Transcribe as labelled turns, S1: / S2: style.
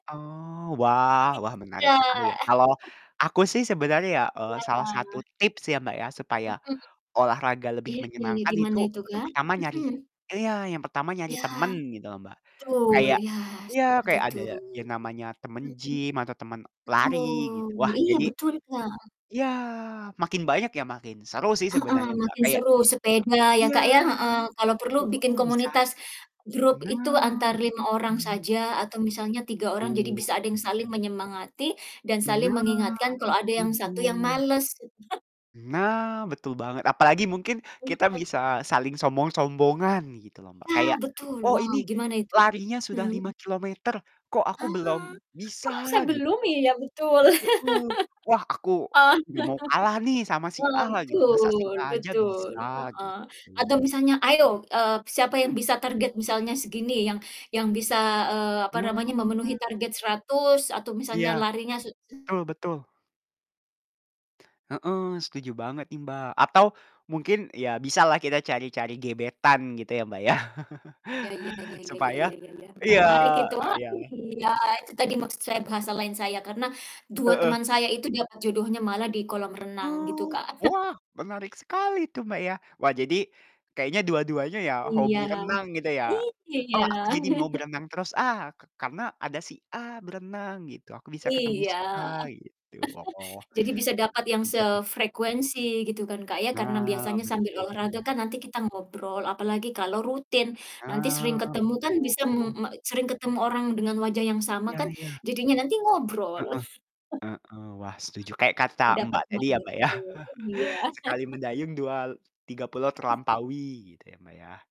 S1: Oh, wah
S2: Gitu,
S1: wah, menarik sekali ya.
S2: Kak.
S1: Kalau, aku sih sebenarnya ya, eee,
S2: Iya.
S1: salah 1 tips ya, Mbak, ya, supaya
S2: Mhm.
S1: olahraga lebih
S2: Iya iya iya,
S1: menyenangkan. Itu,
S2: gimana itu,
S1: yang
S2: Kak?
S1: pertama nyari
S2: Mhm.
S1: iya, yang pertama nyari
S2: Iya.
S1: teman gitu loh, Mbak,
S2: Betul,
S1: kayak
S2: iya
S1: iya,
S2: sepakat
S1: kayak
S2: itu,
S1: ada yang namanya temen
S2: mhm.
S1: gym atau temen lari,
S2: Betul,
S1: gitu. Wah
S2: iya
S1: jadi
S2: betul, Kak.
S1: iya, makin banyak, ya makin seru sih
S2: Heeh,
S1: sebenarnya, Mbak,
S2: makin
S1: kayak
S2: seru, sepeda ya,
S1: iya,
S2: Kak, ya, heeh, kalau perlu
S1: heeh,
S2: bikin
S1: bisa
S2: komunitas grup itu
S1: nah,
S2: antar 5 orang
S1: betul.
S2: saja atau misalnya 3 orang, jadi
S1: Betul
S2: bisa ada yang
S1: tuh.
S2: saling menyemangati dan saling
S1: Nah,
S2: mengingatkan kalau ada yang 1 yang
S1: setuju.
S2: males.
S1: Nah, betul banget! Apalagi mungkin
S2: Heeh
S1: kita
S2: heeh.
S1: bisa saling sombong-sombongan gitu loh, Mbak,
S2: Nah,
S1: kayak,
S2: betul,
S1: "Oh
S2: wow
S1: ini
S2: gimana itu?
S1: larinya sudah
S2: Hmm.
S1: 5 km, kok aku
S2: Ah,
S1: belum
S2: kok
S1: bisa?" Gitu
S2: sebelum
S1: loh,
S2: ya betul.
S1: mhm, "Wah, aku
S2: Oh,
S1: gak mau kalah nih sama si
S2: Heeh,
S1: A lah gitu, masa sih
S2: betul
S1: A aja
S2: betul,
S1: bisa,"
S2: heeh, atau
S1: gitu.
S2: misalnya, "Ayo, eee, siapa yang
S1: Mhm.
S2: bisa target," misalnya, "segini yang yang bisa, eee, apa namanya, memenuhi
S1: Hmm.
S2: target 100," atau misalnya,
S1: Iya,
S2: "larinya se"
S1: betul betul. Heeh, setuju banget nih Mbak, atau mungkin ya bisalah kita cari-cari gebetan gitu ya, Mbak, ya.
S2: Ya ya ya ya ya
S1: Supaya
S2: ya ya ya,
S1: iya
S2: menarik itu oh,
S1: iya.
S2: iya itu tadi maksud saya bahasa lain saya, karena 2
S1: Heeh.
S2: teman saya itu dapet jodohnya malah di kolam renang, gitu,
S1: Oh,
S2: Kak.
S1: wah, menarik sekali tuh, Mbak, ya. Wah, jadi kayaknya dua-duanya ya hobi
S2: Iya,
S1: renang gitu ya? "Oh,
S2: iya.
S1: aku jadi mau berenang terus ah, ka karena ada si A berenang," gitu, "Aku bisa ketemu
S2: Iya.
S1: si A," gitu. Oh,
S2: Jadi bisa dapat yang
S1: menarik juga sih
S2: sefrekuensi gitu kan, Kak, ya? Karena
S1: Nah,
S2: biasanya sambil olahraga
S1: betul.
S2: kan nanti kita ngobrol apalagi kalau rutin, nanti sering
S1: Nah,
S2: ketemu kan bisa me
S1: betul.
S2: me sering ketemu orang dengan wajah yang sama
S1: Iya
S2: kan,
S1: iya.
S2: jadinya nanti ngobrol.
S1: Heeh heeh, wah setuju, kayak kata
S2: Heeh, mendapat,
S1: Mbak tadi ya,
S2: [unintelligible]
S1: Mbak, ya
S2: iya.
S1: sekali mendayung dua tiga pulau terlampaui, gitu ya, Mbak, ya?